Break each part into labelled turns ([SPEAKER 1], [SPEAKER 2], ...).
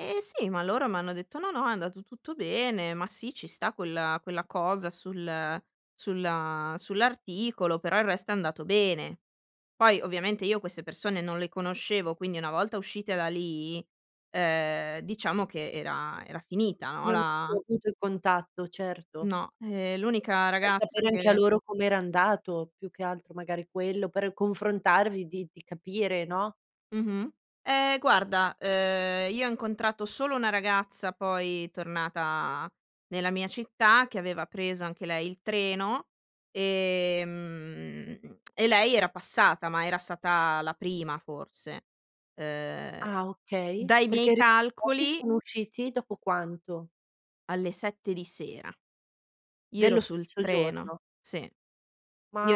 [SPEAKER 1] Eh sì, ma loro m'hanno detto: "No, no, è andato tutto bene, ma sì ci sta quella quella cosa sul sulla sull'articolo, però il resto è andato bene". Poi ovviamente io queste persone non le conoscevo, quindi una volta uscite da lì, ehm, diciamo che era era finita, no,
[SPEAKER 2] Non hai più
[SPEAKER 1] la
[SPEAKER 2] avuto il contatto, certo.
[SPEAKER 1] No, ehm, l'unica
[SPEAKER 2] [unintelligible] Per
[SPEAKER 1] ragazza
[SPEAKER 2] sapere anche a
[SPEAKER 1] che
[SPEAKER 2] loro com'era andato, più che altro magari quello, per confrontarvi, di di capire, no?
[SPEAKER 1] Mh-mh. Eh guarda, uhm, io ho incontrato solo una ragazza poi tornata nella mia città, che aveva preso anche lei il treno, ehm, e lei era passata, ma era stata la prima forse. Uhm,
[SPEAKER 2] Ah, okay,
[SPEAKER 1] dai
[SPEAKER 2] perché
[SPEAKER 1] miei
[SPEAKER 2] i [unintelligible]
[SPEAKER 1] calcoli
[SPEAKER 2] sono usciti, dopo quanto?
[SPEAKER 1] Alle 7 di sera, io ero
[SPEAKER 2] Dello
[SPEAKER 1] sul
[SPEAKER 2] stesso
[SPEAKER 1] treno,
[SPEAKER 2] giorno.
[SPEAKER 1] sì, io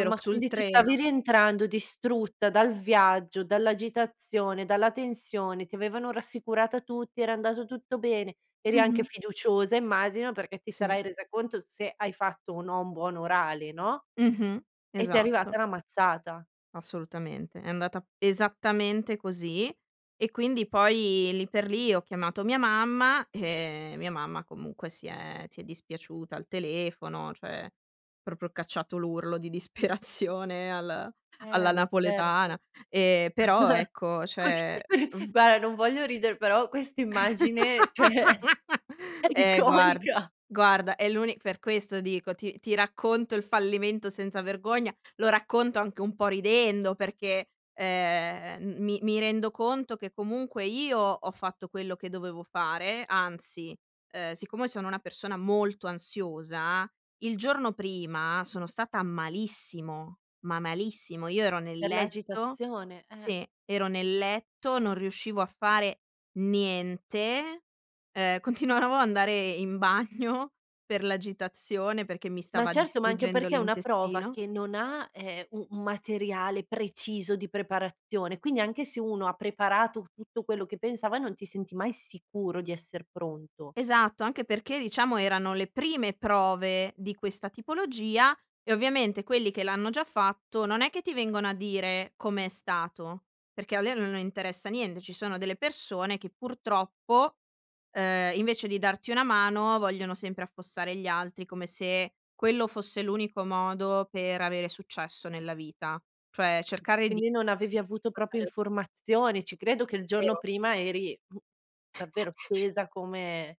[SPEAKER 1] ero sul
[SPEAKER 2] quindi tu stavi
[SPEAKER 1] treno.
[SPEAKER 2] rientrando distrutta dal viaggio, dall'agitazione, dalla tensione, ti avevano rassicurata tutti, era andato tutto bene, eri
[SPEAKER 1] Mh-mh.
[SPEAKER 2] anche fiduciosa immagino, perché ti
[SPEAKER 1] Sì.
[SPEAKER 2] sarai resa conto se hai fatto o no un buon orale, no.
[SPEAKER 1] Mh-mh.
[SPEAKER 2] E ti è
[SPEAKER 1] Esatto.
[SPEAKER 2] arrivata la mazzata.
[SPEAKER 1] Assolutamente, è andata esattamente così e quindi poi lì per lì ho chiamato mia mamma e mia mamma comunque si è si è dispiaciuta al telefono, cioè proprio cacciato l'urlo di disperazione al alla
[SPEAKER 2] Eh, ma certo.
[SPEAKER 1] napoletana. E però ecco, cioè v
[SPEAKER 2] Guarda, non voglio ridere, però
[SPEAKER 1] Esa
[SPEAKER 2] quest'immagine, cioè, è
[SPEAKER 1] eh guard
[SPEAKER 2] iconica.
[SPEAKER 1] guarda è l'uni per questo dico, ti ti racconto il fallimento senza vergogna, lo racconto anche un po' ridendo perché, ehm, m mi mi rendo conto che comunque io ho fatto quello che dovevo fare, anzi, ehm, siccome sono una persona molto ansiosa, il giorno prima sono stata malissimo, ma malissimo. Io ero nel
[SPEAKER 2] Per
[SPEAKER 1] letto
[SPEAKER 2] l'agitazione, eh.
[SPEAKER 1] sì, ero nel letto, non riuscivo a fare niente, ehm, continuavo ad andare in bagno per l'agitazione perché mi
[SPEAKER 2] Ma
[SPEAKER 1] stava
[SPEAKER 2] certo, ma anche
[SPEAKER 1] distruggendo
[SPEAKER 2] perché è una prova
[SPEAKER 1] l'intestino.
[SPEAKER 2] che non ha, ehm, u un materiale preciso di preparazione, quindi anche se uno ha preparato tutto quello che pensava, non ti senti mai sicuro di esser pronto.
[SPEAKER 1] Esatto, anche perché diciamo erano le prime prove di questa tipologia e ovviamente quelli che l'hanno già fatto non è che ti vengono a dire come è stato, perché a lei non interessa niente. Ci sono delle persone che purtroppo, uhm, invece di darti una mano vogliono sempre affossare gli altri, come se quello fosse l'unico modo per avere successo nella vita. Cioè cercare di
[SPEAKER 2] Quindi non
[SPEAKER 1] mettere
[SPEAKER 2] avevi
[SPEAKER 1] in
[SPEAKER 2] avuto
[SPEAKER 1] difficoltà
[SPEAKER 2] proprio
[SPEAKER 1] le altre perso
[SPEAKER 2] informazioni. Ci credo che il giorno
[SPEAKER 1] 0.
[SPEAKER 2] prima eri davvero tesa come